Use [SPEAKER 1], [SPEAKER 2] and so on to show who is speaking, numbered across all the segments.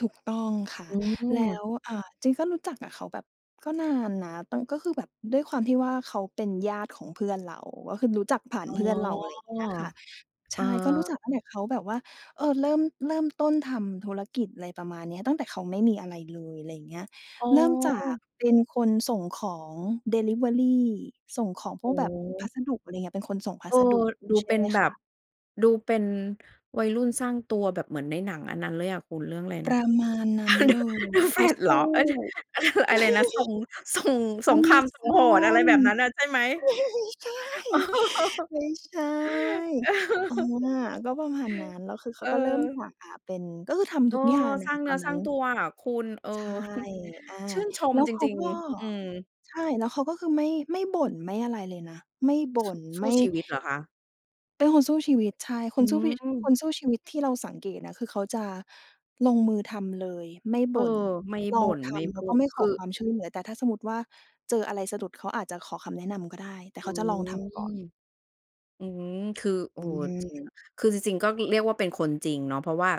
[SPEAKER 1] ถูกต้องค่ะ
[SPEAKER 2] อื
[SPEAKER 1] แล้
[SPEAKER 2] ม
[SPEAKER 1] ว อ่า จริงก็รู้จักกับเขาแบบก็นานนะ แต่ก็คือแบบด้วยความที่ว่า เขาเป็นญาติของเพื่อนเรา ก็คือรู้จักผ่า
[SPEAKER 2] อ
[SPEAKER 1] น
[SPEAKER 2] ๋อ
[SPEAKER 1] เพื่อนเรา อะไรอย่างเงี้ยอะค่ะ ใ
[SPEAKER 2] เ
[SPEAKER 1] ช
[SPEAKER 2] ออ
[SPEAKER 1] ่ ก็รู้จักตั้งแต่เขาแบบว่า เอ่อ เริ่ม เริ่มต้นทำธุรกิจ อะไรประมาณนี้ ตั้งแต่เขาไม่มีอะไรเลย ไรเงี้ย
[SPEAKER 2] อ๋อ
[SPEAKER 1] เริ่มจากเป็นคนส่งของดิลิเวอรี ส่งของพ
[SPEAKER 2] อ
[SPEAKER 1] วกแบบพ
[SPEAKER 2] ือ
[SPEAKER 1] ัสดุ อะไรเงี้ย เป็นคนส่งพ
[SPEAKER 2] เ
[SPEAKER 1] ั
[SPEAKER 2] ออ
[SPEAKER 1] สดุ
[SPEAKER 2] ดู
[SPEAKER 1] ใช่
[SPEAKER 2] เป็
[SPEAKER 1] ไ
[SPEAKER 2] น
[SPEAKER 1] หม
[SPEAKER 2] แบ
[SPEAKER 1] ค
[SPEAKER 2] บ
[SPEAKER 1] ะ
[SPEAKER 2] ดูเป็น วัยรุ่นสร้างตัวแบบเหมือนในหนังอันนั้นเลยอะคุณ เรื่องอะไร
[SPEAKER 1] ป
[SPEAKER 2] นะ
[SPEAKER 1] ระมาณนั
[SPEAKER 2] อ
[SPEAKER 1] ้
[SPEAKER 2] า
[SPEAKER 1] น
[SPEAKER 2] The
[SPEAKER 1] เลย
[SPEAKER 2] The
[SPEAKER 1] เขา
[SPEAKER 2] Flash เ
[SPEAKER 1] ส
[SPEAKER 2] หรอ
[SPEAKER 1] ู้
[SPEAKER 2] อะ อะไรนะ ส่ง ส่ง สงครามส่งหอน อะไร
[SPEAKER 1] Amazon
[SPEAKER 2] แบบนั้นน่ะ
[SPEAKER 1] ไ
[SPEAKER 2] ใช่ไหม?
[SPEAKER 1] ม่ใช่ ไม่ใช่ อา ก็ประมาณนั้น แล้วคือเข
[SPEAKER 2] เ
[SPEAKER 1] าก็เริ่มจา
[SPEAKER 2] ออ
[SPEAKER 1] ก อ่า เป็น ก็คือท
[SPEAKER 2] เอ
[SPEAKER 1] ำท
[SPEAKER 2] อ
[SPEAKER 1] ุกอย่างอ
[SPEAKER 2] ส
[SPEAKER 1] ะ
[SPEAKER 2] ร้า
[SPEAKER 1] ค่
[SPEAKER 2] ง
[SPEAKER 1] ะ
[SPEAKER 2] เ
[SPEAKER 1] ต
[SPEAKER 2] นื้
[SPEAKER 1] อ
[SPEAKER 2] อ
[SPEAKER 1] น
[SPEAKER 2] ส
[SPEAKER 1] น
[SPEAKER 2] ร
[SPEAKER 1] ั
[SPEAKER 2] ้
[SPEAKER 1] ้
[SPEAKER 2] า
[SPEAKER 1] น
[SPEAKER 2] งตัวอะคุณ เออ
[SPEAKER 1] ใช่ อ่า
[SPEAKER 2] ชื่นช
[SPEAKER 1] แล
[SPEAKER 2] ม
[SPEAKER 1] ้ว
[SPEAKER 2] จ
[SPEAKER 1] เขา
[SPEAKER 2] ริง
[SPEAKER 1] ก็
[SPEAKER 2] ๆ อืม
[SPEAKER 1] ใช่ แล้วเขาก็คือ ไม่ ไม่บ่นไม่ อะไรเลยนะ ไม่บ่
[SPEAKER 2] ส
[SPEAKER 1] น
[SPEAKER 2] สู
[SPEAKER 1] ไม
[SPEAKER 2] ้
[SPEAKER 1] ่
[SPEAKER 2] ชีวิตเหรอคะ?
[SPEAKER 1] เป็นคนสู้ชีวิต ใช่ ค
[SPEAKER 2] อื
[SPEAKER 1] นสู้ชีวิ ค
[SPEAKER 2] ม
[SPEAKER 1] นสู้ชีวิตที่เราสังเกตนะ คือเขาจะลงมือทำเลยไม่
[SPEAKER 2] เ
[SPEAKER 1] บ
[SPEAKER 2] อ
[SPEAKER 1] ่น
[SPEAKER 2] อ ไม่
[SPEAKER 1] ล
[SPEAKER 2] บ
[SPEAKER 1] อง
[SPEAKER 2] ่น
[SPEAKER 1] ท
[SPEAKER 2] ไม่
[SPEAKER 1] ำ แ
[SPEAKER 2] พ
[SPEAKER 1] ล้ว
[SPEAKER 2] ู
[SPEAKER 1] ก็
[SPEAKER 2] ด
[SPEAKER 1] ไม่ข
[SPEAKER 2] ค
[SPEAKER 1] อ
[SPEAKER 2] ือ
[SPEAKER 1] ความช่วยเหลือ แต่ถ้าสมมติว่า เจออะไรสะดุด เขาอาจจะขอคำแนะนำก็ได้ แต่
[SPEAKER 2] อื
[SPEAKER 1] เขาจะลองท
[SPEAKER 2] ม
[SPEAKER 1] ำก่อน
[SPEAKER 2] อืม คือ เอ
[SPEAKER 1] อ
[SPEAKER 2] ่อ
[SPEAKER 1] ืม
[SPEAKER 2] คือจริง ๆ ก็เรียกว่า เป็นคนจริงเนาะ เพราะว่า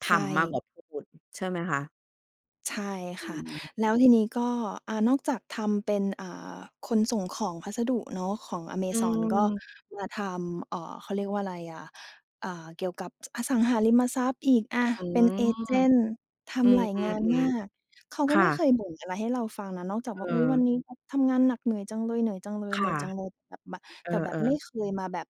[SPEAKER 2] ท
[SPEAKER 1] ใช
[SPEAKER 2] ำมากกว
[SPEAKER 1] ่
[SPEAKER 2] ่าพูด ใช่ไหมคะ?
[SPEAKER 1] ใช่
[SPEAKER 2] อื
[SPEAKER 1] ค่ะ
[SPEAKER 2] ม
[SPEAKER 1] แล้วทีนี้ก็ อ่า นอกจากทำเป็น อ่า คนส่งของพัสดุเนาะ ของ
[SPEAKER 2] อื
[SPEAKER 1] Amazon ก็
[SPEAKER 2] ม
[SPEAKER 1] มาทำ เอ่อ เขาเรียกว่าไรอะ อ่า เกี่ยวกับอสังหาริมทรัพย์อีก อ่า
[SPEAKER 2] อื
[SPEAKER 1] เป็น
[SPEAKER 2] ม
[SPEAKER 1] เอเจนต์ ท
[SPEAKER 2] อื
[SPEAKER 1] ำหลายงานม
[SPEAKER 2] ม
[SPEAKER 1] าก
[SPEAKER 2] ๆ
[SPEAKER 1] เขา
[SPEAKER 2] ๆ ค
[SPEAKER 1] ก็
[SPEAKER 2] ่
[SPEAKER 1] ไม่เค
[SPEAKER 2] ะ
[SPEAKER 1] ยบ่นอะไรให้เราฟังนะ นอกจาก
[SPEAKER 2] เ
[SPEAKER 1] ว่า "อุ๊ย ว
[SPEAKER 2] ออ
[SPEAKER 1] ันนี้ทำงานหนักเหนื่อยจังเลย เหนื่อยจังเลย
[SPEAKER 2] ค
[SPEAKER 1] เห
[SPEAKER 2] ่
[SPEAKER 1] นื่
[SPEAKER 2] ะ
[SPEAKER 1] อยจังเลย" แบบมา
[SPEAKER 2] เออ
[SPEAKER 1] แต่แบบไม่
[SPEAKER 2] ๆ
[SPEAKER 1] เคยมาแบบ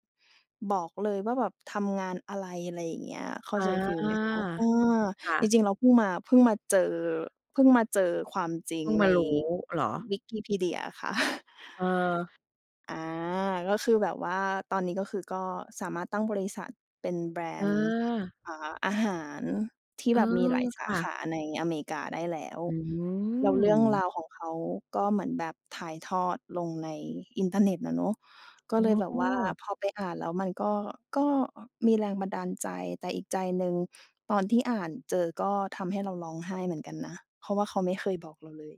[SPEAKER 1] บอกเลยว่าแบบทำงานอะไร อะไรอย่างเงี้ย เข้า
[SPEAKER 2] อา
[SPEAKER 1] ใจฟีลไหมคะ? อืม
[SPEAKER 2] ค่
[SPEAKER 1] จ
[SPEAKER 2] ะ
[SPEAKER 1] ริง ๆ เราเพิ่งมา เพิ่งมาเจอ เพิ่งมาเจอความจริ
[SPEAKER 2] เพ
[SPEAKER 1] ง
[SPEAKER 2] ิ่งม
[SPEAKER 1] ใน
[SPEAKER 2] ารู้เหรอ?
[SPEAKER 1] วิกิพีเดียค่ะ
[SPEAKER 2] เออ
[SPEAKER 1] อ่า ก็คือแบบว่า ตอนนี้ก็คือ ก็สามารถตั้งบริษัทเป็นแบรนด์
[SPEAKER 2] เออ
[SPEAKER 1] อ่า อาหารที่
[SPEAKER 2] เออ
[SPEAKER 1] แบบมีหลายส
[SPEAKER 2] ค
[SPEAKER 1] า
[SPEAKER 2] ่
[SPEAKER 1] ข
[SPEAKER 2] ะ
[SPEAKER 1] าในอเมริกาได้แล้ว
[SPEAKER 2] อื
[SPEAKER 1] แล้วเรื่องร
[SPEAKER 2] ม
[SPEAKER 1] าวของเขา ก็เหมือนแบบถ่ายทอดลงในอินเทอร์เน็ตอะเนาะ ก็เลยแบบว่า
[SPEAKER 2] เออ
[SPEAKER 1] พอไปอ่านแล้วมันก็ ก็มีแรงบันดาลใจ แต่อีกใจหนึ่ง ตอนที่อ่านเจอ ก็ทำให้เราร้องไห้เหมือนกันนะ เพราะว่าเขาไม่เคยบอกเราเลย